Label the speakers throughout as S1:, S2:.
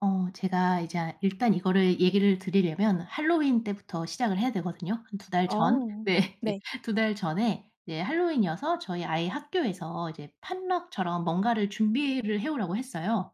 S1: 어 제가 이제 일단 이거를 얘기를 드리려면 핼러윈 때부터 시작을 해야 되거든요. 한 2 달 전.
S2: 어.
S1: 네.
S2: 네.
S1: 2 달 전에 핼러윈이어서 저희 아이 학교에서 이제 potluck처럼 뭔가를 준비를 해 오라고 했어요.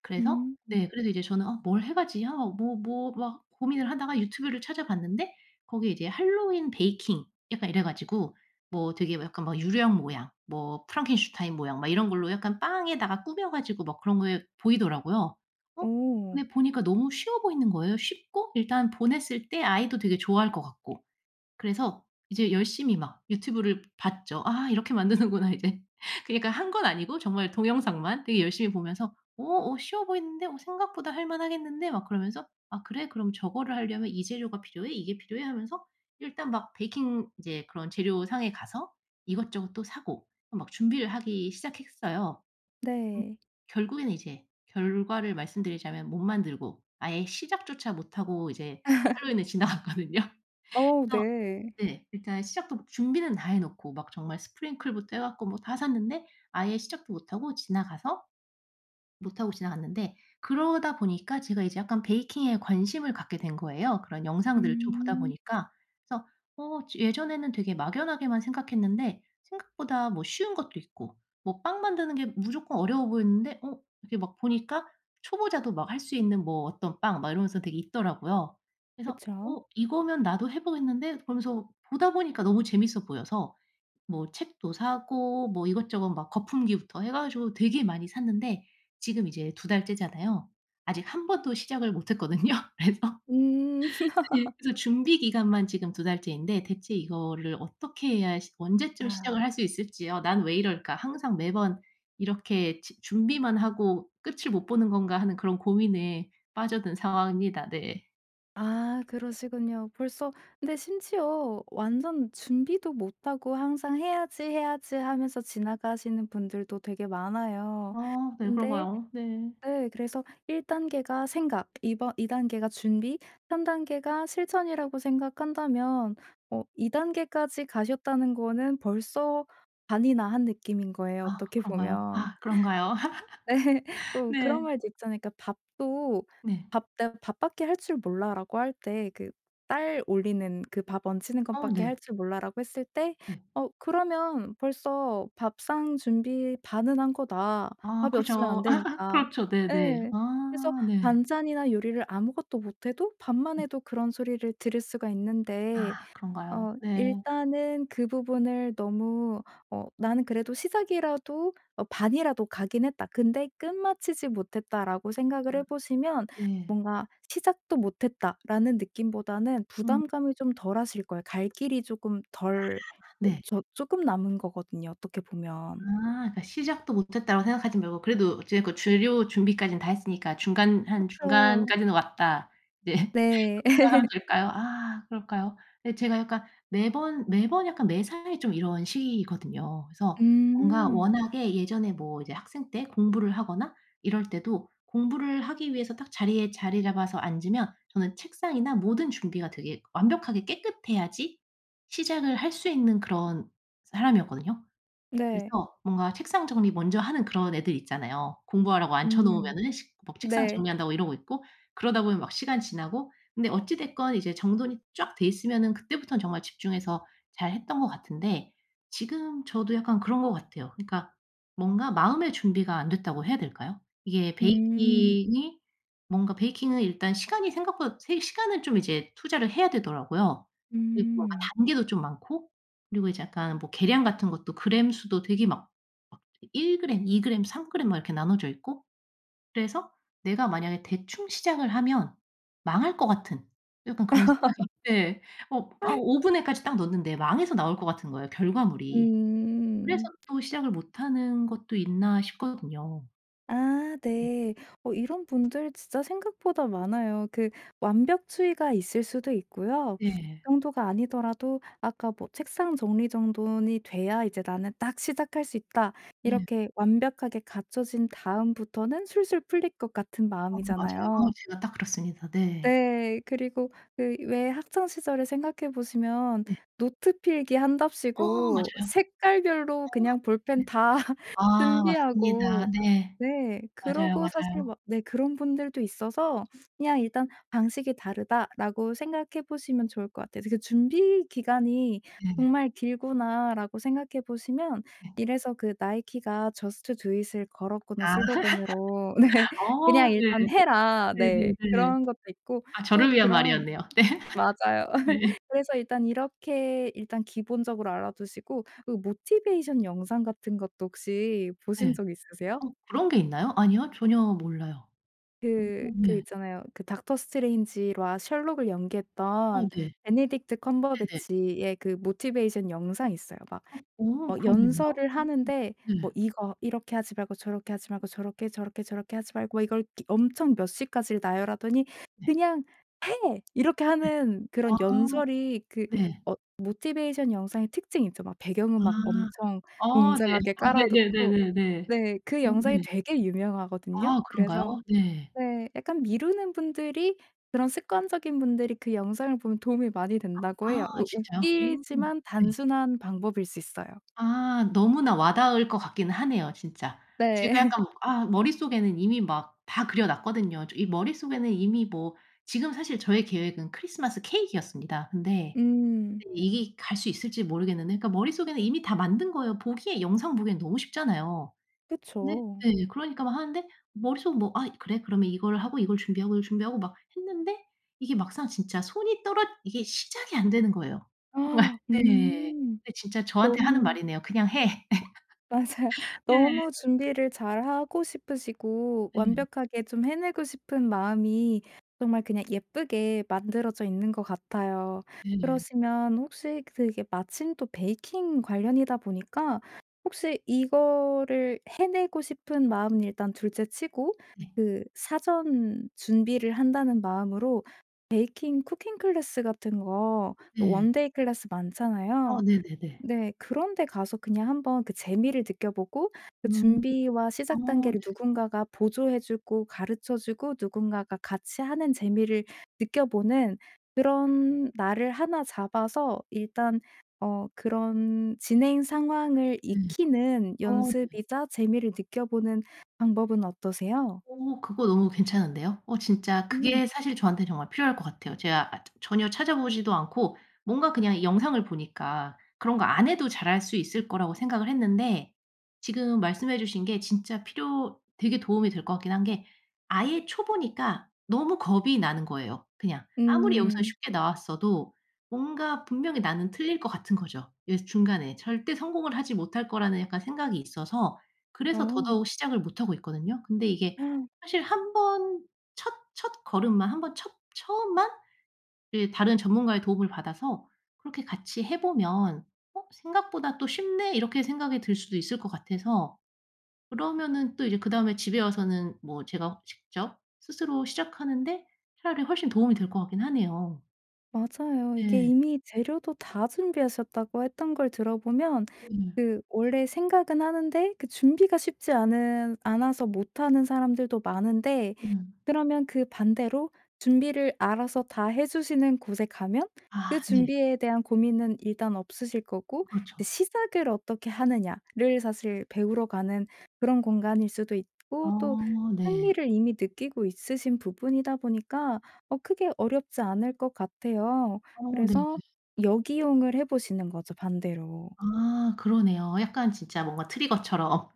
S1: 그래서
S2: 음.
S1: 네 그래서 이제 저는 어 '뭘 해가지?' 아 뭐 뭐 막 고민을 하다가 유튜브를 찾아봤는데 거기에 이제 핼러윈 베이킹 약간 이래 가지고 뭐 되게 뭐 약간 유령 모양, 뭐 프랑켄슈타인 모양, 막 이런 걸로 약간 빵에다가 꾸며 가지고 막 그런 게 보이더라고요. 어?
S2: 오.
S1: 근데 보니까 너무 쉬워 보이는 거예요. 쉽고, 일단 보냈을 때 아이도 되게 좋아할 것 같고. 그래서 이제 열심히 막 유튜브를 봤죠. '아, 이렇게 만드는구나 이제.' 그러니까 한 건 아니고 정말 동영상만 되게 열심히 보면서 어, '어 쉬워 보이는데? 어 생각보다 할 만하겠는데?' 막 그러면서 '아 그래? 그럼 저거를 하려면 이 재료가 필요해? 이게 필요해?' 하면서 일단 막 베이킹 이제 그런 재료상에 가서 이것저것 또 사고 막 준비를 하기 시작했어요.
S2: 네.
S1: 결국에는 이제 결과를 말씀드리자면 못 만들고 아예 시작조차 못 하고 이제 핼러윈을 지나갔거든요.
S2: 어,
S1: 그래서
S2: 네.
S1: 네, 일단 시작도 뭐 준비는 다 해놓고 막 정말 sprinkle부터 해 갖고 뭐 다 샀는데 아예 시작도 못 하고 지나가서, 못 하고 지나갔는데 그러다 보니까 제가 이제 약간 베이킹에 관심을 갖게 된 거예요 그런 영상들을 좀 보다
S2: 음.
S1: 보니까. 그래서 어 저 예전에는 되게 막연하게만 생각했는데 생각보다 뭐 쉬운 것도 있고 뭐 빵 만드는 게 무조건 어려워 보였는데 어 이렇게 막 보니까 초보자도 막 할 수 있는 뭐 어떤 빵 막 이러면서 되게 있더라고요. 그래서
S2: 그쵸.
S1: '어 이거면 나도 해 보겠는데?' 그러면서 보다 보니까 너무 재밌어 보여서 뭐 책도 사고 뭐 이것저것 막 거품기부터 해 가지고 되게 많이 샀는데 지금 이제 2 달째잖아요. 아직 1 번도 시작을 못 했거든요. 그래서
S2: 음.
S1: 예 그래서 준비기간만 지금 2 달째인데 대체 이거를 어떻게 해야 시 언제쯤
S2: 아.
S1: 시작을 할 수 있을지요. '난 왜 이럴까. 항상 매번 이렇게 주 준비만 하고 끝을 못 보는 건가.' 하는 그런 고민에 빠져든 상황입니다. 네.
S2: 아, 그러시군요. 벌써 근데 심지어 완전 준비도 못 하고 항상 '해야지, 해야지.' 하면서 지나가시는 분들도 되게 많아요.
S1: 아 네.
S2: 근데
S1: 그런가요? 네.
S2: 네, 그래서 1 단계가 생각, 2 번 2 단계가 준비, 3 단계가 실천이라고 생각한다면 어 2 단계까지 가셨다는 거는 벌써 반이나 한 느낌인 거예요,
S1: 아,
S2: 어떻게
S1: 그런가요?
S2: 보면.
S1: 아, 그런가요?
S2: 네. 어 그런
S1: 네.
S2: 말도 있잖아요. 그러니까 밥도
S1: 네.
S2: 밥도 '밥밖에 할 줄 몰라.'라고 할 때 그 '쌀 올리는 그 밥 안치는
S1: 어
S2: 것밖에 할
S1: 네.
S2: 줄 몰라.'라고 했을 때
S1: 네.
S2: '어 그러면 벌써 밥상 준비 반은 한 거다.
S1: 아
S2: 밥이 없으면 안
S1: 그죠.
S2: 되니까.'
S1: 그렇죠. 네네.
S2: 예. 그래서
S1: 아 네.
S2: 반찬이나 요리를 아무것도 못 해도 밥만
S1: 네.
S2: 해도 그런 소리를 들을 수가 있는데
S1: 아 그런가요?
S2: 어
S1: 네.
S2: 일단은 그 부분을 너무 '어 나는 그래도 시작이라도 어 반이라도 가긴 했다. 근데 끝마치지 못했다.'라고 생각을 해
S1: 아.
S2: 보시면
S1: 네.
S2: 뭔가 '시작도 못 했다.'라는 느낌보다는
S1: 음.
S2: 부담감이 좀 덜하실 거예요. 갈 길이 쪼끔
S1: 아
S2: 덜 [unintelligible]
S1: 네.
S2: 저 쪼끔 남은 거거든요, 어떻게
S1: 아,
S2: 보면.
S1: 그러니까 '시작도 못 했다.'라고 생각하지 말고. '그래도 어찌 됐건 재료 준비까지는 다 했으니까 중간 한
S2: 그쵸.
S1: 중간까지는 왔다.' 네 그렇게
S2: 네.
S1: 생각하면 될까요? 아, 그럴까요? 예. 제가 약간 매번 매번 약간 매사에 좀 이런 식이거든요. 그래서 뭔가
S2: 음.
S1: 워낙에 예전에 뭐 이제 학생 때 공부를 하거나 이럴 때도 공부를 하기 위해서 딱 자리에 자리 잡아서 앉으면 저는 책상이나 모든 준비가 되게 완벽하게 깨끗해야지 시작을 할 수 있는 그런 사람이었거든요.
S2: 네.
S1: 그래서 뭔가 책상 정리 먼저 하는 그런 애들 있잖아요. 공부하라고
S2: 음.
S1: 앉혀놓으면은 식 막 책상
S2: 네.
S1: 정리한다고 이러고 있고, 그러다 보면 막 시간 지나고. 근데 어찌 됐건 이제 정돈이 쫙 돼 있으면은 그때부터는 정말 집중해서 잘했던 것 같은데 지금 저도 약간 그런 것 같아요. 그러니까 뭔가 마음의 준비가 안 됐다고 해야 될까요? 이게
S2: 음.
S1: 베이킹이 뭔가 베이킹은 일단 시간이 생각보다 세 시간을 좀 이제 투자를 해야 되더라고요. 그리고 아
S2: 음.
S1: 단계도 좀 많고 그리고 이제 약간 뭐 계량 같은 것도 그램 수도 되게 막, 막 되게 1 그램, 2 그램, 3 그램 막 이렇게 나눠져 있고 그래서 내가 만약에 대충 시작을 하면 망할 것 같은 약간 그런 생각이 예. 어 막 오븐에까지 딱 넣었는데 망해서 나올 것 같은 거예요, 결과물이. '그래서
S2: 음.
S1: 또 시작을 못 하는 것도 있나?' 싶거든요.
S2: 아
S1: 네.
S2: 네. 어 이런 분들 진짜 생각보다 많아요. 그 완벽주의가 있을 수도 있고요.
S1: 네.
S2: 그 정도가 아니더라도 아까 뭐 '책상 정리 정돈이 돼야 이제 나는 딱 시작할 수 있다.'
S1: 네.
S2: 이렇게 완벽하게 갖춰진 다음부터는 술술 풀릴 것 같은
S1: 어 맞아요. 어
S2: 마음이잖아요.
S1: 제가 딱 그렇습니다. 네.
S2: 네. 그리고 그 왜 학창 시절을 생각해 보시면
S1: 네.
S2: 노트
S1: 어
S2: 필기한답시고
S1: 맞아요.
S2: 색깔별로
S1: 어.
S2: 그냥 볼펜
S1: 네.
S2: 다
S1: 아 맞습니다.
S2: 준비하고
S1: 네.
S2: 네.
S1: 맞아요,
S2: 그러고 사실
S1: 맞아요.
S2: 뭐 네 그런 분들도 있어서 그냥 일단 '방식이 다르다.'라고 생각해 보시면 좋을 것 같아요. 그 '준비 기간이
S1: 네네.
S2: 정말 길구나.'라고 생각해 보시면
S1: 네.
S2: 이래서 그 나이키가 Just do it 을 걸었구나,
S1: 아.
S2: 슬로건으로. 네.
S1: 아
S2: 그냥
S1: 네.
S2: 일단 해라. 네.
S1: 네네네.
S2: 그런 것도 있고
S1: 아
S2: 또
S1: 저를 위한
S2: 그런
S1: 말이었네요. 네.
S2: 맞아요.
S1: 네.
S2: 그래서 일단 이렇게 일단 기본적으로 알아 두시고 그 Motivation 영상 같은 것도 혹시 보신
S1: 네.
S2: 적 있으세요?
S1: 어 그런 게 있나요? 아니요. 전혀 몰라요. 음.
S2: 그 그
S1: 네.
S2: 있잖아요. 그 Doctor Strange와 SHERLOCK을
S1: 아
S2: 연기했던
S1: 네.
S2: Benedict
S1: 네네.
S2: Cumberbatch의 그 Motivation 영상이 있어요. 막
S1: 아 어. 그러겠네요? 어.
S2: 연설을 하는데 뭐
S1: 네
S2: 이거 이렇게 하지 말고 저렇게 하지 말고 저렇게 저렇게 저렇게 하지 말고 이걸 엄청 몇 시까지 나열하더니
S1: 네.
S2: "그냥 해!" 이렇게
S1: 네.
S2: 하는 그런
S1: 아.
S2: 연설이 그
S1: 네.
S2: 어 Motivation 영상의 특징이 있죠. 배경
S1: 아.
S2: 음악 엄청
S1: 어 네.
S2: 웅장하게 깔아 놓고
S1: 네네네네네.
S2: 네 그
S1: 어
S2: 영상이
S1: 네.
S2: 되게 유명하거든요.
S1: 아 그런가요?
S2: 그래서
S1: 네.
S2: 네 약간 미루는 분들이 그런 습관적인 분들이 그 영상을 보면 도움이 많이
S1: 아
S2: 된다고 해요. 우
S1: 진짜요? 음.
S2: 웃기지만
S1: 네.
S2: 단순한 방법일 수 있어요.
S1: 아. 너무나 와 닿을 것 같기는 하네요, 진짜.
S2: 네.
S1: 제가 약간 아 머릿속에는 이미 막 다 그려 놨거든요. 이 머릿속에는 이미 뭐 지금 사실 저의 계획은 크리스마스 케이크였습니다. 근데
S2: 음.
S1: 이게 갈 수 있을지 모르겠는데. 그러니까 머릿속에는 이미 다 만든 거예요. 보기에 영상 보기엔 너무 쉽잖아요. 네
S2: 그쵸.
S1: 네. 그러니까 막 하는데 머릿속은 뭐 '아, 그래. 그러면 이걸 하고 이걸 준비하고 이걸 준비하고.' 막 했는데 이게 막상 진짜 손이 떨어 이게 시작이 안 되는 거예요. 네.
S2: 음.
S1: 진짜 저한테 하는
S2: 너무.
S1: 말이네요. "그냥 해."
S2: 맞아요.
S1: 네.
S2: 너무 준비를 잘 하고 싶으시고
S1: 네.
S2: 완벽하게 좀 해내고 싶은 마음이 정말 그냥 예쁘게 만들어져 있는 것 같아요.
S1: 네.
S2: 그러시면 혹시 그게 마침 또 베이킹 관련이다 보니까 혹시 이거를 해내고 싶은 마음은 일단 둘째 치고
S1: 네.
S2: 그 사전 준비를 한다는 마음으로 베이킹 쿠킹 클래스 같은 거
S1: 네.
S2: 원데이 클래스
S1: 아
S2: 많잖아요.
S1: 네네네.
S2: 네. 그런데 가서 그냥 한번 그 재미를 느껴 보고 그
S1: 음.
S2: 준비와 시작
S1: 어 네.
S2: 단계를 누군가가 보조해 주고 가르쳐 주고 누군가가 같이 하는 재미를 느껴 보는 그런 날을 하나 잡아서 일단 어 그런 진행 상황을
S1: 네.
S2: 익히는
S1: 아 네.
S2: 연습이자 재미를 느껴 보는 방법은 어떠세요?
S1: 어. 그거 너무 괜찮은데요. 어 진짜
S2: 음.
S1: 그게 사실 저한테 정말 필요할 것 같아요. 제가 저 전혀 찾아 보지도 않고 뭔가 그냥 영상을 보니까 그런 거 안 해도 잘할 수 있을 거라고 생각을 했는데 지금 말씀해 주신 게 진짜 필요 되게 도움이 될 것 같긴 한 게 아예 초보니까 너무 겁이 나는 거예요, 그냥. 아무리 여기서
S2: 음.
S1: 쉽게 나왔어도 뭔가 분명히 나는 틀릴 것 같은 거죠, 이 중간에. 절대 성공을 하지 못할 거라는 약간 생각이 있어서 그래서
S2: 어.
S1: 더더욱 시작을 못 하고 있거든요. 근데 이게 사실 한번 첫 첫걸음만 한번 첫 처음만 다른 전문가의 도움을 받아서 그렇게 같이 해 보면 '어, 생각보다 또 쉽네.' 이렇게 생각이 들 수도 있을 것 같아서. 그러면은 또 이제 그다음에 집에 와서는 뭐 제가 직접 스스로 시작하는데 차라리 훨씬 도움이 될 것 같긴 하네요.
S2: 맞아요. 이게
S1: 네.
S2: 이미 재료도 다 준비하셨다고 했던 걸 들어 보면
S1: 네.
S2: 그 원래 생각은 하는데 그 준비가 쉽지 않은 않아서 못 하는 사람들도 많은데
S1: 음.
S2: 그러면 그 반대로 준비를 알아서 다 해주시는 곳에 가면 그
S1: 아 네.
S2: 준비에 대한 고민은 일단 없으실 거고
S1: 그렇죠.
S2: 시작을 어떻게 하느냐 를 사실 배우러 가는 그런 공간일 수도 있고 또
S1: 어 네.
S2: 흥미를 이미 느끼고 있으신 부분이다 보니까 어 크게 어렵지 않을 것 같아요.
S1: 어 네네.
S2: 그래서 역이용을 해 보시는 거죠, 반대로.
S1: 아, 그러네요. 약간 진짜 뭔가 트리거처럼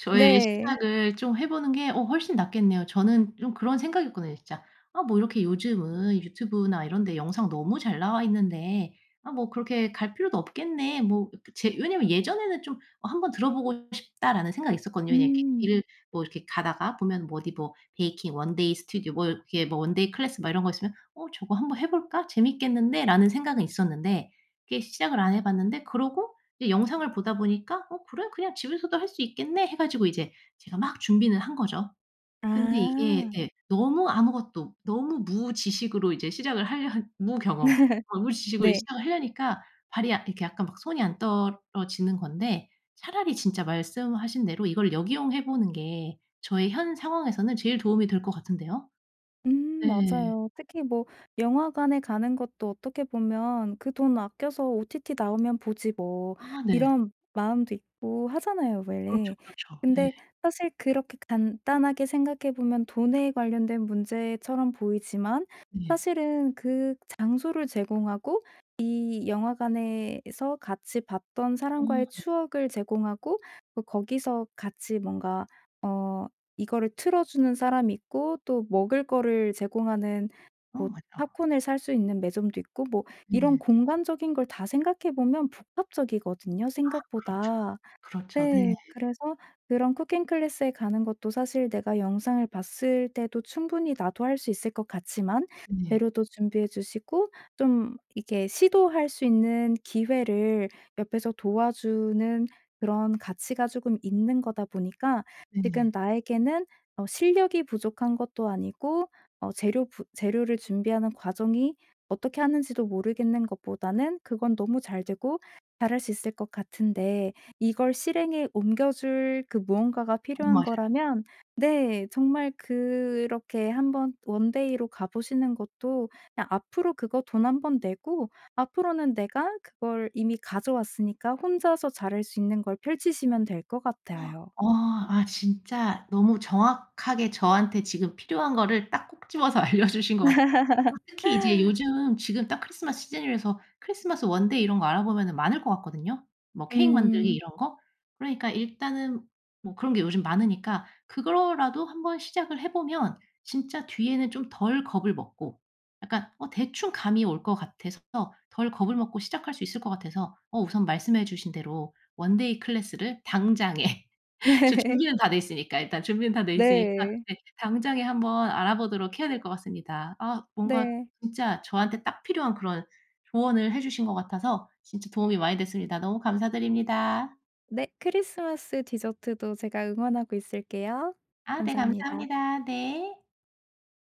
S1: 저의
S2: 네.
S1: 시작을 좀 해 보는 게 어 훨씬 낫겠네요. 저는 좀 그런 생각이었거든요, 진짜. '아 뭐 이렇게 요즘은 유튜브나 이런 데 영상 너무 잘 나와 있는데 아, 뭐 그렇게 갈 필요도 없겠네.' 뭐 그니까 제 왜냐면 예전에는 '좀 한번 들어 보고 싶다.'라는 생각이 있었거든요. 그냥 이렇게
S2: 음.
S1: 일 뭐 이렇게 가다가 보면 뭐 어디 뭐 베이킹, 원데이 스튜디오, 뭐 이렇게 뭐 원데이 클래스 막 이런 거 있으면 '어 저거 한 번 해 볼까? 재밌겠는데?'라는 생각은 있었는데 이게 시작을 안 해 봤는데 그러고 이 영상을 보다 보니까 '어 그래? 그냥 집에서도 할 수 있겠네.' 해 가지고 이제 제가 막 준비는 한 거죠. 근데 이게
S2: 아.
S1: 네, 너무 아무것도 너무 무지식으로 이제 시작을 하려 무경험 어 무지식으로 이
S2: 네.
S1: 시작을 하려니까 발이 약 이렇게 약간 막 손이 안 떨어지는 건데. 차라리 진짜 말씀하신 대로 이걸 역이용해 보는 게 저의 현 상황에서는 제일 도움이 될 것 같은데요.
S2: 음
S1: 네.
S2: 맞아요. 특히 뭐 영화관에 가는 것도 어떻게 보면 '그 돈 아껴서 OTT 나오면 보지 뭐.'
S1: 아 네.
S2: 이런 마음도 있고 하잖아요,
S1: 그렇죠,
S2: 원래.
S1: 그렇죠. 네.
S2: 근데 사실 그렇게 간단하게 생각해 보면 돈에 관련된 문제처럼 보이지만
S1: 예.
S2: 사실은 그 장소를 제공하고, 이 영화관에서 같이 봤던
S1: 음.
S2: 사람과의 추억을 제공하고, 뭐 거기서 같이 뭔가 어 이거를 틀어 주는 사람 있고 또 먹을 거를 제공하는
S1: 어
S2: 뭐
S1: 맞다.
S2: 팝콘을 살 수 있는 매점도 있고 뭐 이런
S1: 네.
S2: 공간적인 걸 다 생각해 보면 복합적이거든요,
S1: 아, 그렇죠.
S2: 생각보다.
S1: 그렇죠
S2: 네
S1: 네.
S2: 그래서 그런 쿠킹 클래스에 가는 것도 사실 내가 영상을 봤을 때도 충분히 나도 할 수 있을 것 같지만
S1: 네.
S2: 재료도 준비해 주시고 좀 이렇게 시도할 수 있는 기회를 옆에서 도와주는 그런 가치가 쪼금 있는 거다 보니까 지금
S1: 네.
S2: 나에게는 어 실력이 부족한 것도 아니고 어 재료 부 재료를 준비하는 과정이 어떻게 하는지도 모르겠는 것보다는 그건 너무 잘 되고 잘할 수 있을 것 같은데 이걸 실행에 옮겨줄 그 무언가가
S1: 음
S2: 필요한
S1: 맞아요.
S2: 거라면 네 정말 그렇게 한번 원데이 로 가 보시는 것도 그냥 앞으로 그거 돈 한 번 내고 앞으로는 내가 그걸 이미 가져왔으니까, 혼자서 잘할 수 있는 걸 펼치시면 될 것 같아요.
S1: 어 아 진짜 너무 정확하게 저한테 지금 필요한 거를 딱 콕 집어서 알려주신 것 같아요. 특히 이제 요즘 지금 딱 크리스마스 시즌이라서 크리스마스 원데이 이런거 알아보면은 많을 것 같거든요? 뭐 케이크 만들기
S2: 음.
S1: 이런 거. 그러니까 일단은 뭐 그런 게 요즘 많으니까 그거로라도 한번 시작을 해 보면 진짜 뒤에는 좀 덜 겁을 먹고 약간 어 대충 감이 올 것 같아서 덜 겁을 먹고 시작할 수 있을 것 같아서 어 우선 말씀해 주신 대로 원데이 클래스를 당장에. 저 준비는 다 돼 있으니까. 일단 준비는 다 돼 있으니까.
S2: 네.
S1: 네. 당장에 한번 알아보도록 해야 될 것 같습니다. 아 뭔가
S2: 네.
S1: 진짜 저한테 딱 필요한 그런 조언을 해 주신 것 같아서 진짜 도움이 많이 됐습니다. 너무 감사드립니다.
S2: 네. 크리스마스 디저트도 제가 응원하고 있을게요.
S1: 아 네
S2: 감사합니다.
S1: 감사합니다. 네.